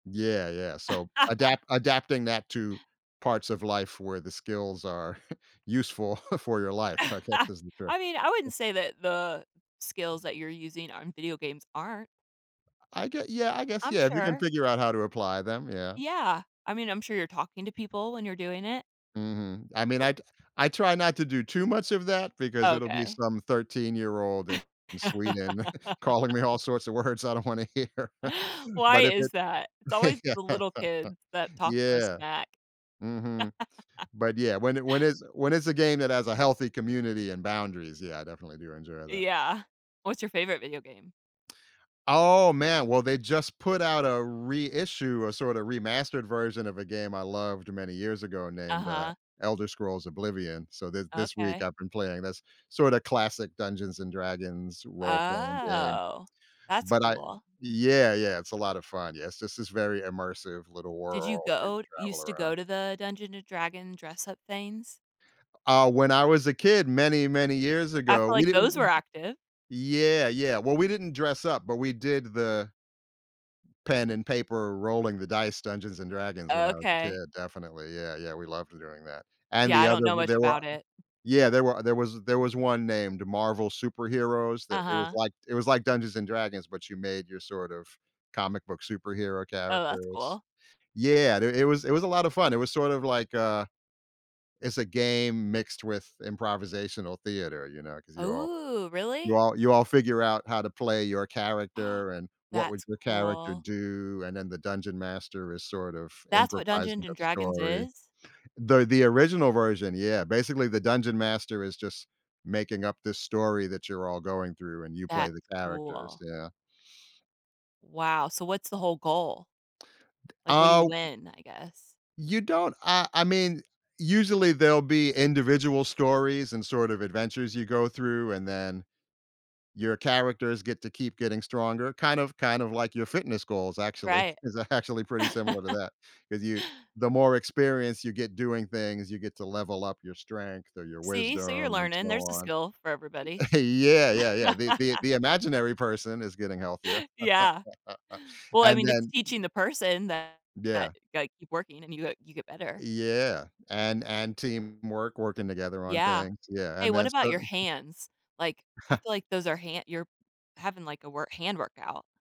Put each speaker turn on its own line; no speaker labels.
Yeah, yeah, so, adapt adapting that to parts of life where the skills are useful for your life, I guess, is the trick.
I mean, I wouldn't say that the skills that you're using on video games aren't.
I gu yeah, I guess,
I'm
yeah, if you can
sure.
figure out how to apply them, yeah.
Yeah. I mean, I'm sure you're talking to people when you're doing it.
Mhm, I mean,
O
I t I try not to do too much of that because it'll be
Okay.
some thirteen-year-old in in Sweden calling me all sorts of words I don't wanna hear,
Why
but if
is that? It's
it
always the
Yeah.
little kids that talk the most
Yeah.
smack.
Mhm. But, yeah, when it when it when it's a game that has a healthy community and boundaries, yeah, I definitely do enjoy that.
Yeah. What's your favorite video game?
Oh, man! Well, they just put out a reissue, a sorta remastered version of a game I loved many years ago named, uh,
Uh-huh.
Elder Scrolls: Oblivion, so, th this week
Okay.
I've been playing this sorta classic Dungeons& Dragons role playing game.
Oh, that's
But I
cool.
Yeah, yeah it's a lotta fun, yes, it's just this very immersive little
Did you
world where you
go
travel
used to
around.
go to the Dungeon& Dragon dress-up things?
Uh, when I was a kid many, many years
I
ago,
feel
we
like those were
didn't
active.
Yeah, yeah, well, we didn't dress up, but we did the pen and paper, rolling the dice Dungeons& Dragons when
Oh,
I was a
okay.
kid, definitely, yeah, yeah, we loved d doing that. And
Yeah, I
the
don't
other
know
we
much
there were
about it.
Yeah, there were there was there was one named Marvel Superheroes that it was
Uh-huh.
like it was like Dungeons& Dragons, but you made your sort of comic book superhero
Oh, that's
characters.
cool.
Yeah, th it was it was a lotta fun, it was sort of, like, uh it's a game mixed with improvisational theater, you know, 'cause you all
Ooh,
you
really?
all you all figure out how to play your character and what would
That's
your character
cool.
do, and then the Dungeon Master is sort of
That's what
improvising
Dungeons&
a
Dragons
story.
is?
The the original version, yeah, basically the Dungeon Master is just making up this story that you're all going through and you play the
That's
characters.
cool.
Yeah.
Wow, so, what's the whole goal?
D
Like, what do you
oh
win, I guess?
You don't I I mean, usually there'll be individual stories and sort of adventures you go through and then, your characters get to keep getting stronger, kind of kind of like your fitness goals actually,
Right.
is actually pretty similar to that 'cause you the more experience you get doing things, you get to level up your strength or your
See, so, you're
wisdom and so
learning, there's a
on.
skill for everybody.
Yeah, yeah, yeah, the the the imaginary person is getting healthier.
Yeah. Well, I
And
mean, it's
then
teaching the person that that
Yeah.
ya gotta keep working and you, uh you get better.
Yeah, an an teamwork, working together on
Yeah.
things, yeah,
Hey,
and
what
that's
about your
something
hands, like, I feel like those are hand you're having, like, a wor hand workout.